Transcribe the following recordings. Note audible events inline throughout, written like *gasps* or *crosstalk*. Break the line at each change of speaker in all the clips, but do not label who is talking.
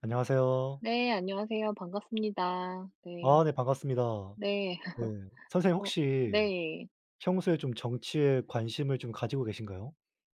안녕하세요.
네, 안녕하세요. 반갑습니다. 네.
아, 네. 반갑습니다.
네.
네.
*laughs*
선생님
어,
혹시
네.
평소에 좀 정치에 관심을 좀 가지고 계신가요?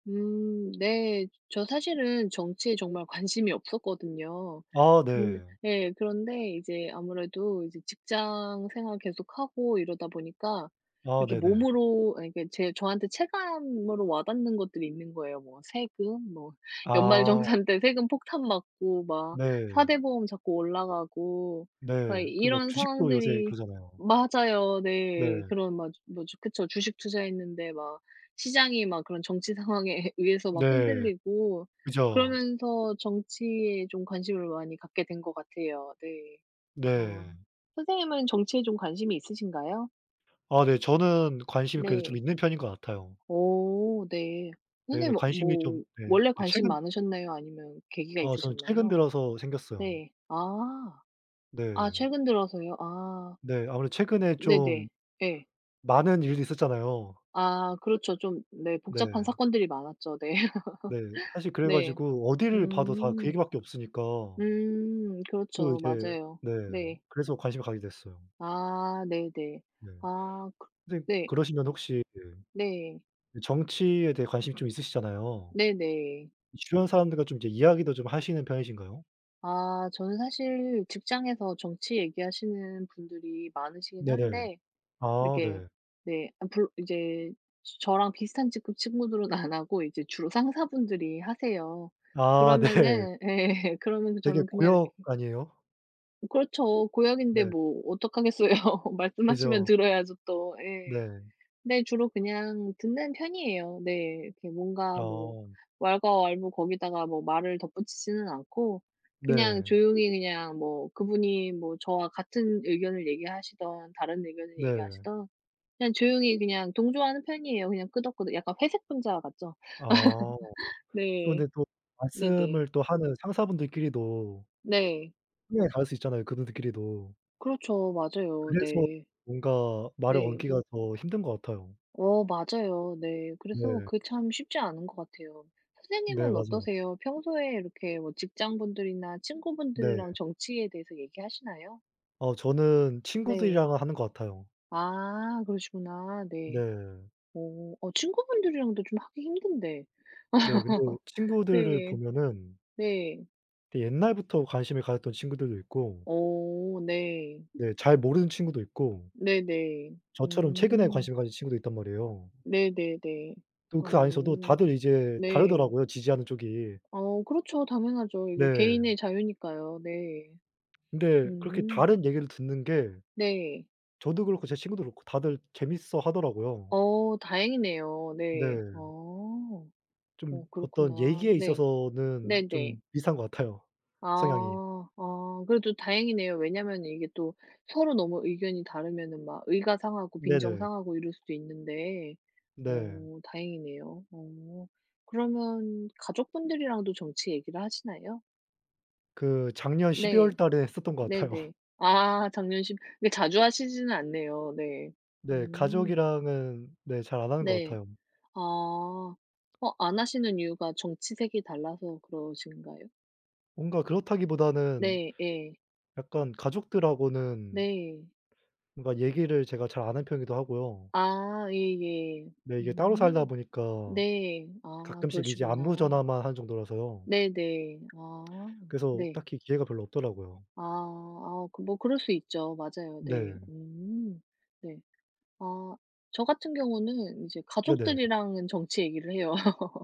음. 네, 저 사실은 정치에 정말 관심이 없었거든요.
아,
그
네.
예, 그런데 이제 아무래도 이제 직장 생활 계속하고 이러다 보니까
아,
이렇게
네네.
몸으로 이렇게 제 저한테 체감으로 와 닿는 것들이 있는 거예요. 뭐 세금, 뭐
아.
연말정산 때 세금 폭탄 맞고 막 4
네.
대 보험 자꾸 올라가고
네,
그러니까
그리고 막
이런
주식도 요새
상황들이
그러잖아요.
맞아요. 네.
네.
그런 맞아. 뭐지 그쵸. 주식 투자했는데 막 시장이 막 그런 정치 상황에 예 의해서 막
네.
흔들리고,
그죠.
그러면서 정치에 좀 관심을 많이 갖게 된 것 같아요. 네. 어,
네.
선생님은 정치에 좀 관심이 있으신가요?
아, 네. 저는 관심이 그래도 좀
네.
있는 편인 것 같아요.
오 네.
네네.
선생님은
관심이 좀
뭐
네.
원래
그
관심
최근
많으셨나요, 아니면은 계기가
어, 저는 최근
있으셨나요?
들어서 생겼어요.
네. 아. 아
네.
최근 들어서요. 아.
네, 아무래도 최근에 좀
네네. 예.
많은 일들이 있었잖아요.
아, 그렇죠 좀 네 복잡한
네.
사건들이 많았죠. 네.
네.
*laughs*
사실 그래
네.
가지고 어디를 봐도 다 그
음.
얘기밖에 없으니까
음
또
그렇죠.
이제
맞아요.
네,
네.
그래서 관심이 가게 됐어요.
아, 네네.
네.
아, 그
근데
네.
그러시면 혹시 그
네.
그 정치에 대해 관심이 좀 있으시잖아요.
네네.
이 주변 사람들과 좀 인제 이야기도 좀 하시는 편이신가요?
아 저는 사실 직장에서 정치 얘기하시는 분들이 많으시긴
네네.
한데
아
이렇게
네.
네. 엄풀 이제 저랑 비슷한 직급 친구들은 안 하고 이제 주로 상사분들이 하세요.
아 네.
그러면은 예. 그러면서
되게
저는 그냥
고역
이렇게
아니에요?
그렇죠. 고역인데
네.
뭐 어떡하겠어요. 말씀하시면
그죠.
들어야죠, 또. 예.
네.
근데 주로 그냥 듣는 편이에요. 네. 이렇게 뭔가 뭐
어.
왈가왈부 거기다가 뭐 말을 덧붙이지는 않고 그냥
네.
조용히 그냥 뭐 그분이 뭐 저와 같은 의견을 얘기하시든 다른 의견을
네.
얘기하시든 그냥 조용히 그냥 동조하는 편이에요. 그냥 끄덕끄덕. 약간 회색 분자 같죠.
아.
*laughs*
또
네.
근데 또
네네.
말씀을 또 하는 상사분들끼리도
네.
분명히 다를 수 있잖아요 그분들끼리도.
그렇죠 맞아요.
그래서
네.
뭔가 말을
네.
얹기가 더 힘든 것 같아요.
어 맞아요. 네. 그래서
네.
그 참 쉽지 않은 것 같아요.
네
선생님은
맞아요.
어떠세요? 평소에 이렇게 뭐 직장분들이나
네.
친구분들이랑 정치에 대해서 얘기하시나요?
어 저는
네.
친구들이랑은 하는 것 같아요.
아 그러시구나. 네.
네.
어 어 친구분들이랑도 좀 하기 힘든데.
네 근데
*laughs*
친구들을
네.
보면은
네.
되게 옛날부터 관심을 가졌던 친구들도 있고
어 네.
네 잘 모르는 친구도 있고
네네.
저처럼 최근에
음.
관심을 가진 친구도 있단 말이에요.
네네 네.
또 그 안에서도
어.
다들 이제
네.
다르더라고요, 지지하는 쪽이.
어 그렇죠. 당연하죠. 이게
네.
개인의 자유니까요. 네.
근데 그렇게
음.
다른 얘기를 듣는 게
네.
저도 그렇고 제 친구도 그렇고 다들 재밌어 하더라고요.
어 다행이네요. 네.
네.
어.
좀
어
어떤
그렇구나.
얘기에
네.
있어서는
네 네.
좀 비슷한 것 같아요 성향이.
아 아 그래도 다행이네요. 왜냐면 이게 또 서로 너무 의견이 다르면은 막 의가 상하고
네네.
빈정상하고 이럴 수도 있는데
네.
어 다행이네요. 어 그러면 가족분들이랑도 정치 얘기를 하시나요?
그 작년 12
네.
월달에 했었던 것 같아요. *laughs*
네네. 아 작년 10 그렇게 자주 하시지는 않네요. 네.
네
음.
가족이랑은 네 잘 안 하는 것
네.
같아요.
아. 어 안 하시는 이유가 정치색이 달라서 그러신가요?
뭔가 그렇다기 보다는
네, 예.
약간 가족들하고는
네.
뭔가 얘기를 제가 잘 안하는 편이기도 하고요.
아 예 예.
네 이게 따로 살다
음
보니까
네. 아
가끔씩 이제
그러시구나.
안부전화만 하는 정도라서요.
네 네. 아
그래서
네.
딱히 기회가 별로 없더라고요.
아 아 그 뭐 그럴 수 있죠. 맞아요. 네.
네.
음 네. 아 저 같은 경우는 이제
네네.
가족들이랑은 정치 얘기를 해요.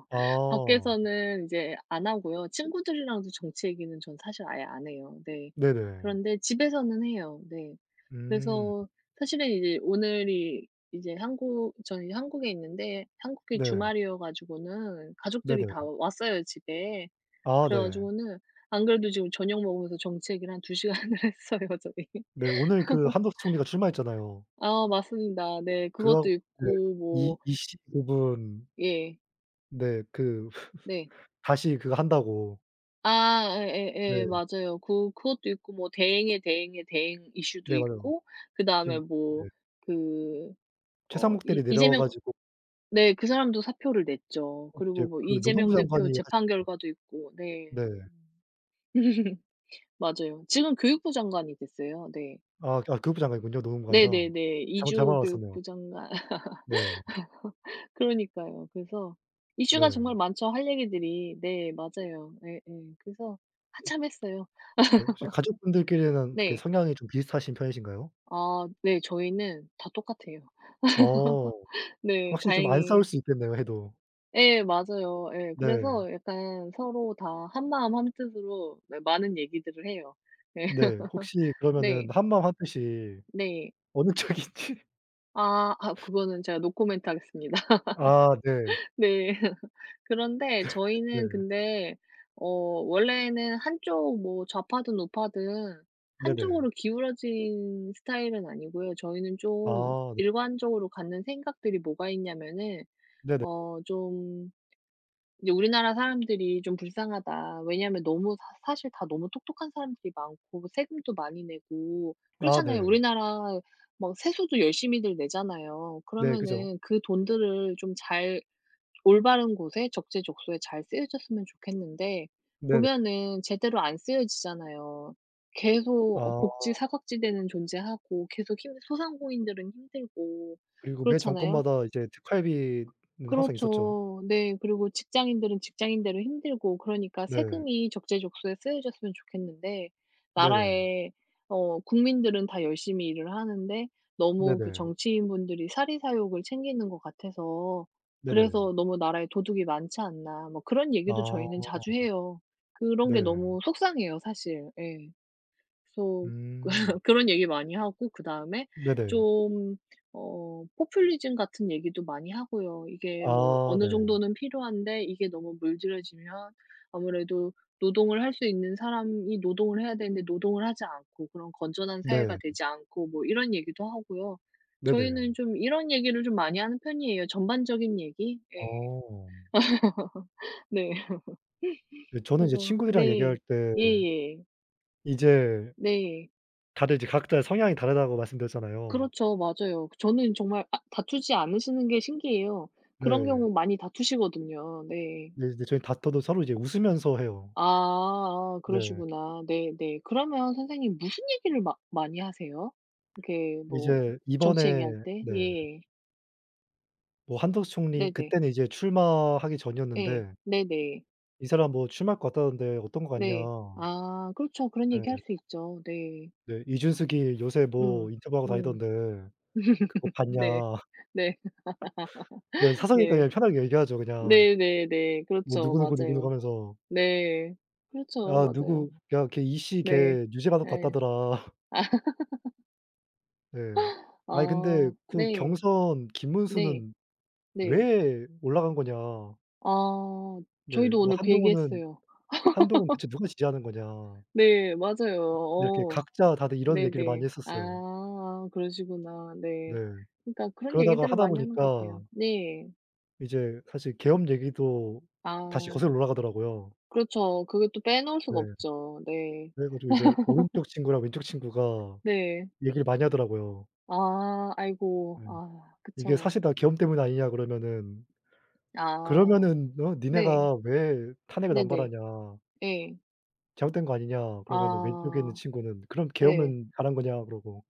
아.
밖에서는 인제 안 하고요. 친구들이랑도 정치 얘기는 전 사실 아예 안 해요. 네.
네네.
그런데 집에서는 해요, 네.
음.
그래서 사실은 이제 오늘이 이제 한국 저는 이제 한국에 있는데 한국이
네.
주말이어 가지고는 가족들이
네네.
다 왔어요, 집에.
아
그래
네.
가지고는 안 그래도 지금 저녁 먹으면서 정치 얘기를 한 2 시간을 했어요, 저희. *laughs*
네, 오늘 그 한덕수 총리가 출마했잖아요.
아 맞습니다. 네
그거
그것도
네
있고
이
뭐
25 분
예.
네 그
네.
*laughs* 다시 그거 한다고.
아 예
네.
예예 맞아요. 그 그것도 있고 뭐 대행의 대행의 대행 이슈도
네, 맞아요.
있고 그
지금
다음에
네.
뭐 그 어 이
최상국들이 내려와
이재명
가지고
네 그 사람도 사표를 냈죠.
이제
그리고 뭐
그
이재명
노동부 장관이
대표 재판
하셨 *unintelligible*
결과도 있고. 네.
네.
*laughs* 맞아요. 지금 교육부 장관이 됐어요. 네.
아 교육부 장관이군요. 노동부가
네 네
아니라.
네.
잠 잘못
이주호
알았었네요.
교육부장관.
네.
*laughs* 그러니까요. 그래서 이슈가
네.
정말 많죠, 할 얘기들이. 네, 맞아요. 네 응. 그래서
음.
한참 했어요.
네 혹시
*laughs*
가족분들끼리는 어떻게
네.
성향이 좀 비슷하신 편이신가요?
아 네, 저희는 다 똑같아요.
어
*laughs* 네
확실히 좀 안 싸울
다행히.
수 있겠네요, 해도.
예 맞아요. 예
네.
그래서 약간 서로 다 한마음 한뜻으로 예 많은 얘기들을 해요. 네.
네. 혹시
*laughs*
그러면은
네.
한마음 한뜻이
네.
어느 쪽인지?
아 아 그거는 제가 노코멘트 하겠습니다.
아 네.
네. *laughs* 그런데
네. 네.
저희는 근데 어 원래는 한쪽 뭐 좌파든 우파든
네네.
한쪽으로 기울어진 스타일은 아니고요. 저희는 좀
아 네.
일관적으로 갖는 생각들이 뭐가 있냐면은
네네.
어 좀 이제 우리나라 사람들이 좀 불쌍하다. 왜냐하면 너무 사 사실 다 너무 똑똑한 사람들이 많고 세금도 많이 내고.
아
그렇잖아요.
네.
우리나라 막 세수도 열심히들 내잖아요.
네 그죠.
그러면은 그 돈들을 좀 잘 올바른 곳에 적재적소에 잘 쓰여졌으면 좋겠는데
네네.
보면은 제대로 안 쓰여지잖아요. 계속 어
아.
복지 사각지대는 존재하고 계속 힘 소상공인들은 힘들고
그리고 매
그렇잖아요.
정권마다 이제 특활비는 항상 있었죠.
그렇죠. 네. 그리고 직장인들은 직장인대로 힘들고 그러니까
네.
세금이 적재적소에 쓰여졌으면 좋겠는데
네네.
나라에 어 국민들은 다 열심히 일을 하는데 너무 그
네네.
정치인분들이 사리사욕을 챙기는 것 같아서
네네.
그래서 너무 나라에 도둑이 많지 않나 뭐 그런 얘기도
아.
저희는 자주 해요. 그런 게
네.
너무 속상해요 사실. 예. 그래서
음.
*laughs* 그런 얘기 많이 하고 그다음에
네네.
좀 어 포퓰리즘 같은 얘기도 많이 하고요. 이게 뭐
아
어느
네.
정도는 필요한데 이게 너무 물들여지면 아무래도 노동을 할 수 있는 사람이 노동을 해야 되는데 노동을 하지 않고 그런 건전한 사회가
네.
되지 않고 뭐 이런 얘기도 하고요.
네네.
저희는 좀 이런 얘기를 좀 많이 하는 편이에요. 전반적인 얘기? 예.
어.
*laughs* 네. *laughs*
네. 저는 이제
그래서
친구들이랑 얘기할
네.
때
예예.
이제
네.
...다들 이제 각자의 성향이 다르다고 말씀드렸잖아요.
그렇죠. 맞아요. 그 저는 정말 아 다투지 않으시는 게 신기해요. 그런
네.
경우 많이 다투시거든요. 네.
네 이제 저희 다퉈도 서로 이제 웃으면서 해요.
아아
네.
그러시구나. 네 네. 그러면 선생님 무슨 얘기를 마 많이 하세요, 이렇게 뭐
이제
정치
이번에
얘기할 때?
네.
예.
뭐 한덕수 총리
네 네.
그때는 이제 출마하기
예
전이었는데
네네.
"이 사람 뭐 출마할 것 같다던데 어떤 것 같냐?"
네. 아 그렇죠. 그런 얘기 할
네.
수 있죠. 네.
네. "이준석이 요새 뭐
음
인터뷰하고
음.
다니던데 그거
*laughs*
봤냐."
네.
*laughs*
네
네
*laughs*
사석이니까 그냥
네.
편하게 얘기하죠. 그냥.
네네네.
뭐
그렇죠.
누구 누구 누구누구
맞아요.
하면서.
네. 그렇죠.
아
맞아요.
누구 "야 걔 이씨
네.
걔 유죄 받을 것
예.
같다더라."
*laughs*
네. "아니 근데
아
그
네.
경선
네.
김문수는
네.
왜 올라간 거냐."
아
네.
저희도
뭐
오늘 그 얘기
"한동훈은
했어요.
한동훈
*laughs*
대체 누가 지지하는 거냐."
네, 맞아요.
이렇게
어.
각자 다들 이런
네
얘기를 많이
네.
했었어요.
아 그러시구나.
네.
네. 그니까 그런
그러다가
얘기들을
하다
많이 하는 것
보니까
같아요. 네.
이제 사실 계엄 얘기도 다시
아
거슬러 올라가더라고요.
그렇죠. 그걸 또 빼놓을
네.
수가 없죠. 네.
그래 가지고 이제
*laughs*
오른쪽 친구랑 왼쪽 친구가
네.
얘기를 많이 하더라고요.
아 아이고.
예
아
"이게
그쵸.
사실 다 계엄 때문 아니냐." 그러면은.
아
"그러면은 어
네.
니네가 왜 탄핵을
네네.
남발하냐."
네.
"잘못된 거 아니냐?" 그러면은 왼쪽에 있는
아
친구는 "그럼
네.
계엄은 잘한 거냐?" 그러고.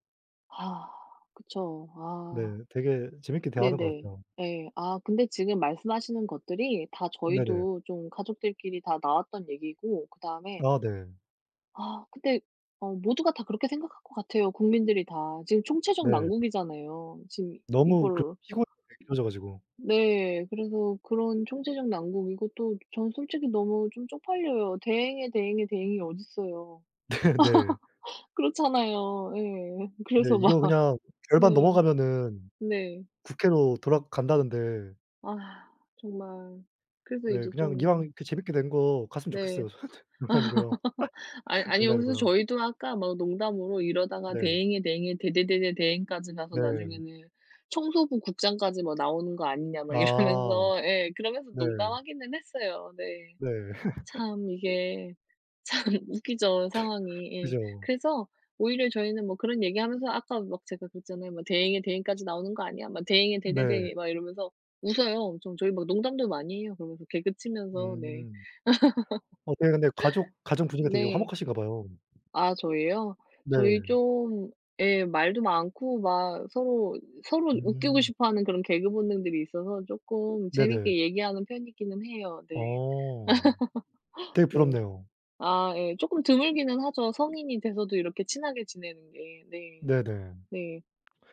아 그쵸.
네.
아.
되게 재밌게 대화하는 것
네네.
같아요.
예. 아 근데 지금 말씀하시는 것들이 다
네네.
저희도 좀 가족들끼리 다 나왔던 얘기고 그다음에
아 네.
아 근데 어 모두가 다 그렇게 생각할 것 같아요. 국민들이 다. 지금 총체적
네.
난국이잖아요. 지금
너무 그럼
이걸
피곤하게 길어져 가지고.
네. 그래서 그런 총체적 난국이고 또 저는 솔직히 너무 좀 쪽팔려요. 대행의 대행의 대행이 어딨어요.
네네.
*laughs* 그렇잖아요. 예.
네.
그래서 막
이거 그냥 절반
네.
넘어가면은
네.
국회로 돌아간다는데
아 정말. 그래서
네
이제
그냥 이왕
좀
이렇게 재밌게 된 거 갔으면
네.
좋겠어요. 저한테 농담이고요.
*laughs* 아이
*laughs*
아니요. 그래서
농담이고요.
저희도 아까 막 농담으로 "이러다가
네.
대행에 대행에 대대대 대행까지 가서
네.
나중에는 청소부 국장까지 뭐 나오는 거 아니냐?" 막
아
이러면서 예. 그러면서
네.
농담하기는 했어요 네.
네. *laughs*
참 이게 참 웃기죠 상황이. 예.
그죠.
그래서 오히려 저희는 뭐 그런 얘기하면서 아까 막 제가 그랬잖아요. 뭐 "대행의 대행까지 나오는 거 아니야?" 막 "대행에
네.
대대대행에." 막 이러면서 웃어요 엄청. 저희 막 농담도 많이 해요. 그러면서 개그치면서, 네.
음.
*laughs*
어 되게 근데 가족 가정 분위기가 되게
네.
화목하신가 봐요.
아 저희요? 저희
네.
좀 예, 말도 많고 막 서로, 서로 웃기고
음.
싶어하는 그런 개그 본능들이 있어서 쪼끔
네네.
재밌게 얘기하는 편이기는 해요 네.
어 되게
*laughs* 네.
부럽네요.
아 예. 쪼끔 드물기는 하죠, 성인이 돼서도 이렇게 친하게 지내는 게. 네.
네네.
네.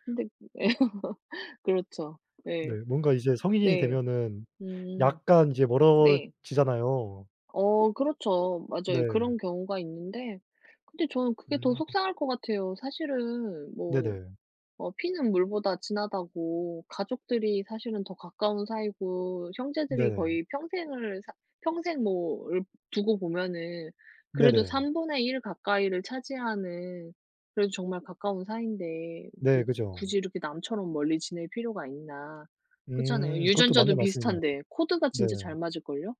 근데 그 예. *laughs* 그렇죠.
네
네.
뭔가 이제 성인이
네.
되면은
음.
약간 이제
네.
멀어지잖아요.
어 그렇죠. 맞아요.
네.
그런 경우가 있는데 근데 저는 그게 더
음.
속상할 것 같아요. 사실은 뭐
네네.
어 피는 물보다 진하다고 가족들이 사실은 더 가까운 사이고 형제들이
네.
거의 평생을 사 평생 뭐 얽 두고 보면은 그래도
네네.
3 분의 1 가까이를 차지하는 그래도 정말 가까운 사이인데 그
네 그죠.
굳이 이렇게 남처럼 멀리 지낼 필요가 있나. 그렇잖아요.
음 그것도
유전자도
맞는 말씀이네요.
비슷한데 코드가
네.
진짜 잘 맞을걸요?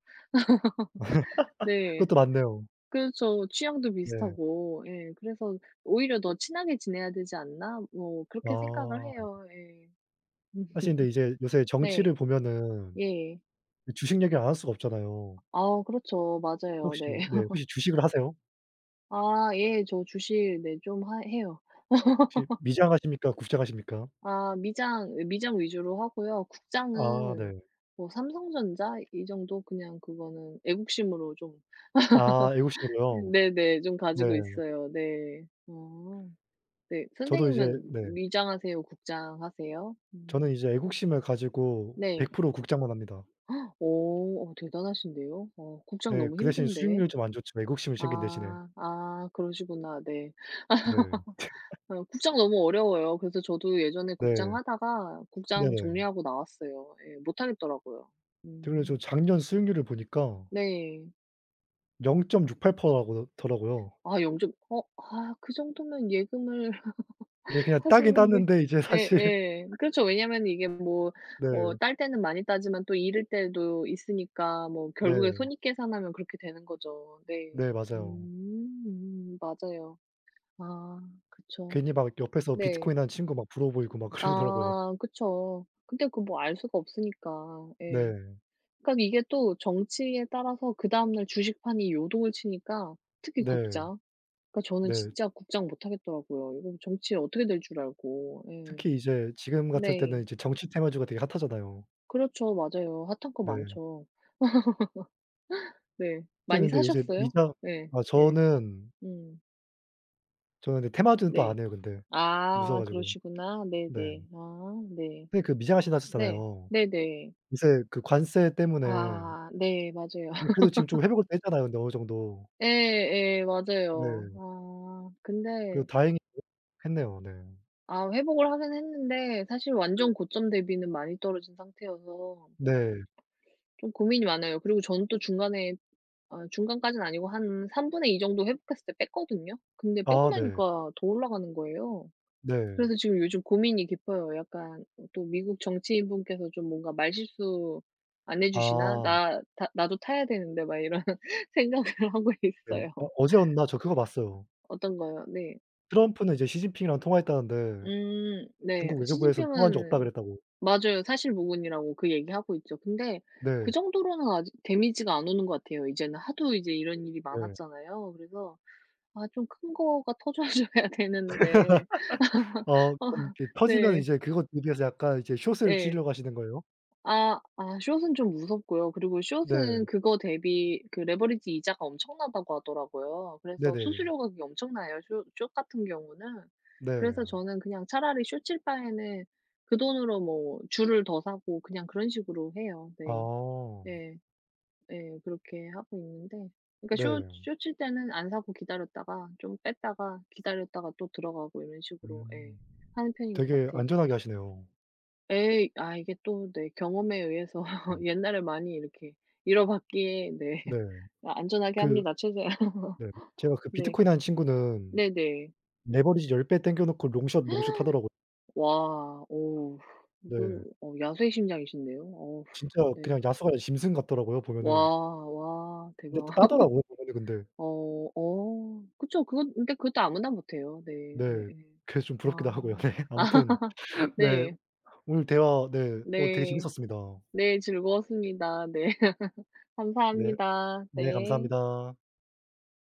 *laughs*
*laughs* 네,
그것도 맞네요.
그렇죠. 취향도
네.
비슷하고. 예. 그래서 '오히려 더 친하게 지내야 되지 않나?' 뭐 그렇게 생각을
아.
해요. 예.
하 근데 이제
*laughs*
요새
네.
정치를 보면은
예.
주식 얘기를 안 할 수가 없잖아요.
아우 그렇죠. 맞아요.
혹시
네.
네.
*laughs*
혹시 주식을 하세요?
아 예. 저 주식 네, 좀 하 해요.
혹시
*laughs*
미장하십니까 국장하십니까?
아 미장 미장 위주로 하고요
아
국장은
네.
뭐 삼성전자 이 정도 그냥 그거는 애국심으로 좀
아
*laughs*
애국심으로요.
네네 좀 가지고
네.
있어요. 네. 어. 네,
저도 이제
선생님은
네.
미장 하세요 국장 하세요? 음.
저는 이제 애국심을 가지고 백
네.
프로 국장만 합니다.
*gasps* 오 어 대단하신데요. 어 국장
네.
너무
그 대신
힘든데.
수익률이 좀 안 좋죠 애국심을 챙긴 대신에.
아, 아 그러시구나. 네.
네.
*laughs*
*laughs*
어 국장 너무 어려워요. 그래서 저도 예전에
네.
국장 하다가
네
국장
네.
정리하고 나왔어요. 예, 못 하겠더라고요.
그래 가지고
음.
작년 수익률을 보니까
네.
0.68% 라고 더라고요.
아 영점 어 아 그 정도면 예금을
네,
*laughs*
그냥 따긴
하시는 게
땄는데 이제
예
사실
예.
*laughs*
그렇죠. 왜냐하면 이게 뭐 뭐
네.
딸 때는 많이 따지만 또 잃을 때도 있으니까 뭐 결국에
네.
손익 계산하면 그렇게 되는 거죠.
네,
네.
맞아요.
음 맞아요. 아 그쵸.
괜히 막 옆에서
네.
비트코인 하는 친구 막 부러워 보이고 막 그러더라고요.
아 그쵸. 근데 그 뭐 알 수가 없으니까. 예.
네.
그러니까 이게 또 정치에 따라서 그 다음날 주식판이 요동을 치니까 특히
네.
국장. 그러니까 저는
네.
진짜 국장 못 하겠더라고요. 이거 정치에 어떻게 될 줄 알고. 예.
특히 이제 지금 같을
네.
때는 이제 정치 테마주가 되게 핫하잖아요.
그렇죠. 맞아요. 핫한 거
네.
많죠. *laughs* 네 많이
선생님 근데 요새
사셨어요?
미장
네
아
네.
저는
음.
저는 근데 테마주는 또
네.
안 해요, 근데. 무서워
아
가지고.
그러시구나.
네.
네네. 아 네.
선생님 그 미장하신다
네
하셨잖아요.
네네.
요새 그 관세 때문에
아. 네, 맞아요.
근데 그래도 지금 좀
*laughs*
회복을 했잖아요, 근데 어느 정도.
예예 맞아요.
네.
아.
그래도
근데
다행히 했네요. 네.
아. 회복을 하긴 했는데 사실
네.
완전 고점 대비는 많이 떨어진 상태여서
네.
좀 고민이 많아요. 그리고 저는 또 중간에 아 중간까지는 아니고 한 3 분의 2 정도 회복했을 때 뺐거든요? 근데 빼고
아 네.
나니까 더 올라가는 거예요.
네.
그래서 지금 요즘 고민이 깊어요. 약간 또 '미국 정치인분께서 좀 뭔가 말실수 안 해주시나?
아.
나 나 나도 타야 되는데.' 막 이런 생각을 하고
네.
있어요.
어 어제였나? 저 그거 봤어요.
어떤 거요? 네.
트럼프는 이제 시진핑이랑 통화했다는데
음. 네.
중국 외교부에선 통화한 적 없다
시진핑은
그랬다고.
맞아요 사실무근이라고 그 얘기 하고 있죠. 근데 그
네.
정도로는 아직 데미지가 안 오는 거 같아요. 이제는 하도 이제 이런 일이
네.
많았잖아요. 그래서 아 좀 큰 거가 터져줘야 되는데
*laughs* 어. 그럼
*laughs*
이제 터지면
네.
이제 그거 대비해서 약간 이제 숏을
예.
치르려고 하시는 거예요?
아. 아, 숏은 좀 무섭고요. 그리고 숏은
네.
그거 대비 그 레버리지 이자가 엄청나다고 하더라고요. 그래서
네네.
수수료가 그게 엄청나요, 쇼 숏 같은 경우는. 그래서
네.
저는 그냥 차라리 숏칠 바에는 그 돈으로 뭐 주를 더 사고 그냥 그런 식으로 해요. 네.
어.
네. 네, 그렇게 하고 있는데 그러니까 숏
네.
숏칠 때는 안 사고 기다렸다가 좀 뺐다가 기다렸다가 또 들어가고 이런 식으로 예
음.
하는 편인 것
되게
같아요.
안전하게 하시네요.
예. 아 이게 또 네 경험에 의해서
네.
*laughs* 옛날에 많이 이렇게 잃어봤기에 네
네.
뭐 안전하게
그
합니다 최대한.
네. 제가 그
네.
비트코인 한 친구는
네네.
레버리지 10 배 땡겨 놓고 롱숏, 롱숏 하더라고
*gasps* 와. 오우. 이거
네.
야수의 심장이신데요. 어우.
진짜
네.
그냥 야수가 아니라 짐승 같더라고요,
와,
보면은.
와.
근데
대박.
또 따더라고요, *unintelligible*
*laughs*
근데.
어. 어 그쵸. 그건 그니까 그것도 아무나 못해요. 네.
네.
예예.
그게 좀 부럽기도
아.
하고요. 네. 아무튼
*laughs*
네.
네.
오늘 대화 네 어 되게
네.
재밌었습니다.
네, 즐거웠습니다. 네. *laughs*
네.
감사합니다.
네,
네.
감사합니다.